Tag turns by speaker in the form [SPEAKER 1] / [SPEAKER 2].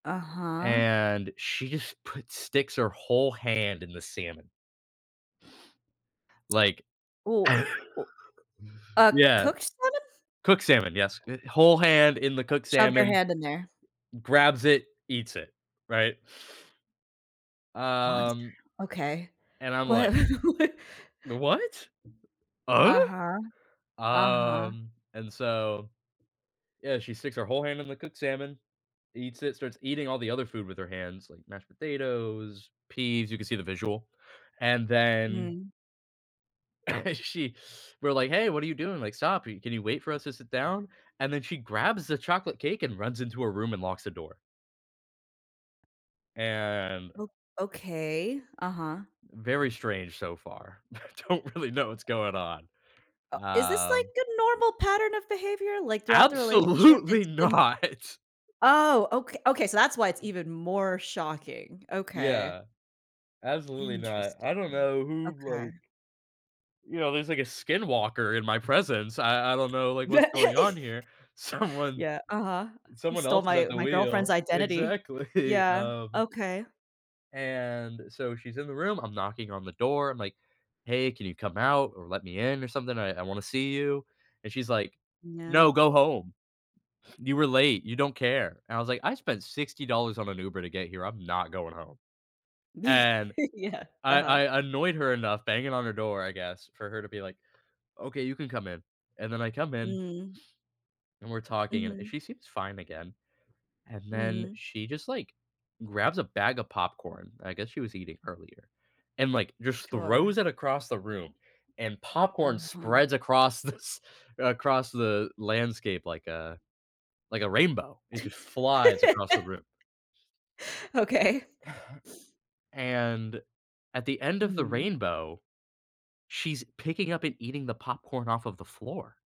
[SPEAKER 1] Uh-huh?
[SPEAKER 2] And she just put sticks her whole hand in the salmon like
[SPEAKER 1] Ooh oo ooh a
[SPEAKER 2] yeah.
[SPEAKER 1] cook salmon?
[SPEAKER 2] Cooked salmon, yes, eh, whole hand in the cooked
[SPEAKER 1] Shoved her
[SPEAKER 2] salmon,
[SPEAKER 1] hand in there.
[SPEAKER 2] grabs it, eats it, right
[SPEAKER 1] Monster.
[SPEAKER 2] um
[SPEAKER 1] Okay,
[SPEAKER 2] and I'm
[SPEAKER 1] what
[SPEAKER 2] like
[SPEAKER 1] wha
[SPEAKER 2] "the what?"
[SPEAKER 1] Uh-huh, uh-huh.
[SPEAKER 2] Um, and so yeah, she sticks her whole hand in the cooked salmon, eats it, starts eating all the other food with her hands, like mashed potatoes, peas you can see the visual, and then
[SPEAKER 1] Mm.
[SPEAKER 2] she we're like, "Hey, what are you doing? Like, stop i can you wait for us to sit down?" And then she grabs the chocolate cake and runs into her room and locks the door. and
[SPEAKER 1] O okay, uh-huh.
[SPEAKER 2] Very strange so far. I don't really know what's going on.
[SPEAKER 1] Uh is this
[SPEAKER 2] Um
[SPEAKER 1] like a normal pattern of behavior? Like, throughout the relationship,
[SPEAKER 2] Absolutely
[SPEAKER 1] it's been
[SPEAKER 2] not.
[SPEAKER 1] Oh, oka okay, so, that's why it's even more shocking. Okay.
[SPEAKER 2] Yeah. Absolutely not.
[SPEAKER 1] Interesting.
[SPEAKER 2] I don't know who,
[SPEAKER 1] Okay.
[SPEAKER 2] like you know, there's, like, a skin walker in my presence, I I don't know, like, what's going on here. Someone
[SPEAKER 1] Yeah, uh-huh. "Who
[SPEAKER 2] someone
[SPEAKER 1] stole
[SPEAKER 2] else is at
[SPEAKER 1] my
[SPEAKER 2] the
[SPEAKER 1] my girlfriend's
[SPEAKER 2] wheel.
[SPEAKER 1] identity."
[SPEAKER 2] Exactly,
[SPEAKER 1] Yeah,
[SPEAKER 2] um
[SPEAKER 1] okay.
[SPEAKER 2] and so, she's in the room, I'm knocking on the door, I'm like, "Hey, can you come out or let me in or something? I I wanna see you." And she's like, "No,
[SPEAKER 1] No.
[SPEAKER 2] go home. You were late, you don't care." And I was like, "I spent $60 on an Uber to get here, I'm not going home."
[SPEAKER 1] Ye
[SPEAKER 2] And
[SPEAKER 1] yeah,
[SPEAKER 2] I
[SPEAKER 1] uh-huh.
[SPEAKER 2] I annoyed her enough banging on her door, I guess, for her to be like, "Okay, you can come in." And then I come in
[SPEAKER 1] Mm.
[SPEAKER 2] and we're talking, and, eh,
[SPEAKER 1] Mhm.
[SPEAKER 2] she seems fine again, and then
[SPEAKER 1] Mhm.
[SPEAKER 2] she just, like, grabs a bag of popcorn I guess she was eating earlier and, like, just
[SPEAKER 1] Sure.
[SPEAKER 2] throws it across the room, and popcorn
[SPEAKER 1] Uh-huh.
[SPEAKER 2] spreads across this across the landscape like a like a rainbow, it just flies across the room.
[SPEAKER 1] Okay.
[SPEAKER 2] and, at the end of the
[SPEAKER 1] Mhm.
[SPEAKER 2] rainbow, she's picking up and eating the popcorn off of the floor.